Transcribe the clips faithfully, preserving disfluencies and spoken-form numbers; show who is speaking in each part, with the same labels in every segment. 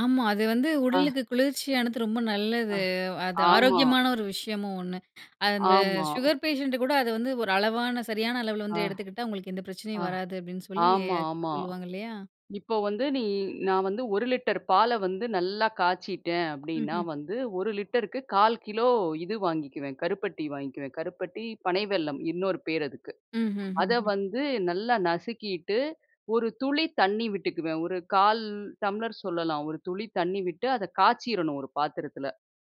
Speaker 1: ஆமா. அது வந்து
Speaker 2: ஆ
Speaker 1: உடலுக்கு குளிர்ச்சியானது. ரொம்ப
Speaker 2: ஆ.
Speaker 1: நல்லது. அது
Speaker 2: ஆமா.
Speaker 1: ஆரோக்கியமான ஒரு விஷயமும் ஒண்ணு. அந்த
Speaker 2: ஆமா.
Speaker 1: சுகர் பேஷண்ட் கூட அது வந்து ஒரு அளவான சரியான அளவில
Speaker 2: ஆ,
Speaker 1: வந்து எடுத்துக்கிட்டா, உங்களுக்கு எந்த
Speaker 2: ஆ,
Speaker 1: பிரச்சனையும் வராது. அப்படின்னு சொல்லி
Speaker 2: ஆமா. ஆமா.
Speaker 1: சொல்லுவாங்க இல்லையா.
Speaker 2: இப்போ வந்து நீ நான் வந்து ஒரு லிட்டர் பால வந்து நல்லா காய்ச்சிட்டேன். அப்படின்னா
Speaker 1: ம்ஹ்ம்.
Speaker 2: வந்து, ஒரு லிட்டருக்கு கால் கிலோ இது வாங்கிக்குவேன் கருப்பட்டி வாங்கிக்குவேன். கருப்பட்டி, பனை வெல்லம் இன்னொரு பேரு அதுக்கு.
Speaker 1: ம்ஹ்ம்.
Speaker 2: அதை
Speaker 1: ஹ்ம்.
Speaker 2: வந்து நல்லா நசுக்கிட்டு, ஒரு துளி தண்ணி விட்டுக்குவேன். ஒரு கால் டம்ளர் சொல்லலாம். ஒரு துளி தண்ணி விட்டு அதை காய்ச்சிறணும், ஒரு பாத்திரத்தில.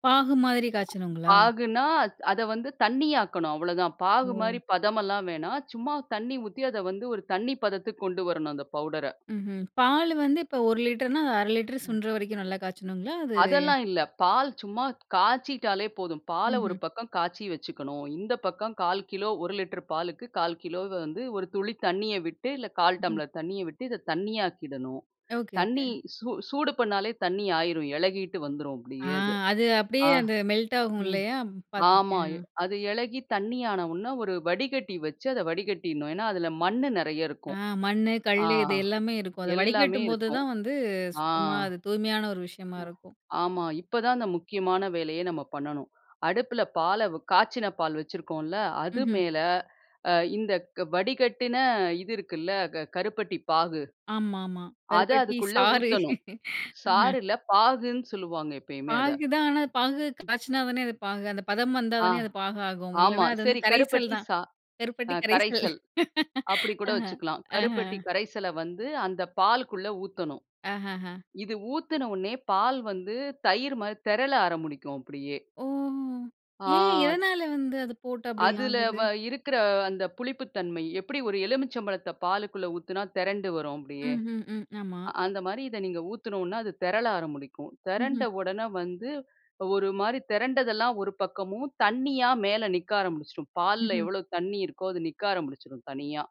Speaker 1: பாகு மாதிரி காய்ச்சணும்ங்களா?
Speaker 2: பாகுனா அத வந்து தண்ணி ஆக்கணும், அவ்ளோதான். பாகு
Speaker 1: ஓ.
Speaker 2: மாதிரி பதம் எல்லாம் வேணா. சும்மா தண்ணி ஊத்தி அத வந்து ஒரு தண்ணி பதத்துக்கு கொண்டு வரணும், அந்த பவுடர.
Speaker 1: ம்ஹ்ம். பாலு வந்து இப்ப ஒரு லிட்டர்னா அது அரை லிட்டரு
Speaker 2: ம்.
Speaker 1: சுண்டற வரைக்கும் நல்லா காய்ச்சணுங்களா, அது?
Speaker 2: அதெல்லாம் இல்ல. பால் சும்மா காய்ச்சிட்டாலே போதும். பாலை ஒரு
Speaker 1: ம்ஹ்ம்.
Speaker 2: பக்கம் காய்ச்சி வச்சுக்கணும். இந்த பக்கம் கால் கிலோ. ஒரு லிட்டர் பாலுக்கு கால் கிலோ வந்து, ஒரு துளி தண்ணிய விட்டு இல்ல, கால்
Speaker 1: ம்ஹ்ம்.
Speaker 2: டம்ளர் தண்ணிய விட்டு இதை தண்ணி ஆக்கிடணும்.
Speaker 1: எ ஒகே, ஒகே.
Speaker 2: தண்ணி சூ சூடு பண்ணாலே தண்ணி ஆகிரும். இளகிட்டு வந்துரும்
Speaker 1: ஆ.
Speaker 2: அப்பிடியே அது.
Speaker 1: அது அப்படியே
Speaker 2: ஆ
Speaker 1: அந்த மெல்ட் ஆகும்
Speaker 2: ம்
Speaker 1: இல்லையா.
Speaker 2: ஆமா.
Speaker 1: பார்த்துருக்கேன்
Speaker 2: அது இலகி தண்ணி ஆன உடனே ஒரு வடிகட்டி வச்சு அதை வடிகட்டிடுணும். ஏன்னா அதில மண் நிறைய
Speaker 1: ஆ
Speaker 2: இருக்கும்.
Speaker 1: மண்ணு,
Speaker 2: ஆ
Speaker 1: கல்லு இது
Speaker 2: ஆ
Speaker 1: எல்லாமே இருக்கும். அத
Speaker 2: எல்லாமே
Speaker 1: வடிகட்டும்போது
Speaker 2: இருக்கும்.
Speaker 1: தான் வந்து, சுத்தமா அது தூய்மையான ஒரு விஷயமா
Speaker 2: ஆ.
Speaker 1: இருக்கும்.
Speaker 2: ஆமா இப்ப தான் அந்த முக்கியமான வேலையே நம்ம பண்ணனும். அடுப்பில பாலை, வ் காய்ச்சின பால் வைச்சிருக்கோம்ல. அது
Speaker 1: ம்ஹ்ம்.
Speaker 2: மேல அ இந்தக் வடிகட்டின இது இருக்குல்ல. க கருப்பட்டி பாகு
Speaker 1: ஆமாமா.
Speaker 2: அத
Speaker 1: கருப்பட்டி
Speaker 2: அதுக் குள்ள
Speaker 1: சாறு.
Speaker 2: ஊத்தணும்.
Speaker 1: ஆஹா.
Speaker 2: சாறில்ல. பாகுன்னு சொல்லுவாங்க. எப்போதுமே அதை.
Speaker 1: பாகு தான். ஆனா பாகு
Speaker 2: ம்.
Speaker 1: காய்ச்சினா தானே அது பாகு அந்த பதம் வந்தா
Speaker 2: ஆ
Speaker 1: தானே அது பாகு ஆகும்.
Speaker 2: ஆமா.
Speaker 1: இல்லைனா, அது வந்து
Speaker 2: சரி
Speaker 1: கரைசல்
Speaker 2: கருப்பட்டி
Speaker 1: தான்
Speaker 2: சா அ
Speaker 1: கருப்பட்டி கரைசல்.
Speaker 2: கரைசல் அப்பிடி கூட
Speaker 1: ஆஹ்ம்.
Speaker 2: வைச்சுக்கலாம். கருப்பட்டி
Speaker 1: ஆஹ்ம்.
Speaker 2: கரைசல வந்து அந்த பாலுக்குள்ள ஊத்தணும்.
Speaker 1: ஆஹஹா.
Speaker 2: இது ஊத்துனவுனே பால் வந்து தயிர் மாரி திரள ஆரம்பிக்கும், அப்படியே.
Speaker 1: ஓ! ஏன்?
Speaker 2: ஆ.
Speaker 1: எதனால வந்து அதை போட்டு அப்பிடி
Speaker 2: அதுல
Speaker 1: ஆகுது?
Speaker 2: வ இருக்குற அந்த புளிப்பு தன்மை. எப்படி ஒரு எலுமிச்சபழத்த பாலுக்குள்ள ஊத்துனா திரண்டு வரும் அப்படியே.
Speaker 1: ம்ஹ்ம், ம். ஆமா.
Speaker 2: அ அந்த மாரி இதை நீங்க ஊத்துனோம்னா, அது திரள ஆரம்பிக்கும். திரண்ட
Speaker 1: ம்ஹ்ம்.
Speaker 2: உடனே வந்து, ஒரு மாதிரி திரண்டதெல்லாம் ஒரு பக்கமும், தண்ணியா மேல நிக்க ஆரம்பிச்சுரும். பால்ல
Speaker 1: ம்ஹ்ம்.
Speaker 2: எவ்ளோ தண்ணி இருக்கோ, அது நிக்க ஆரம்பிச்சிரும், தனியா.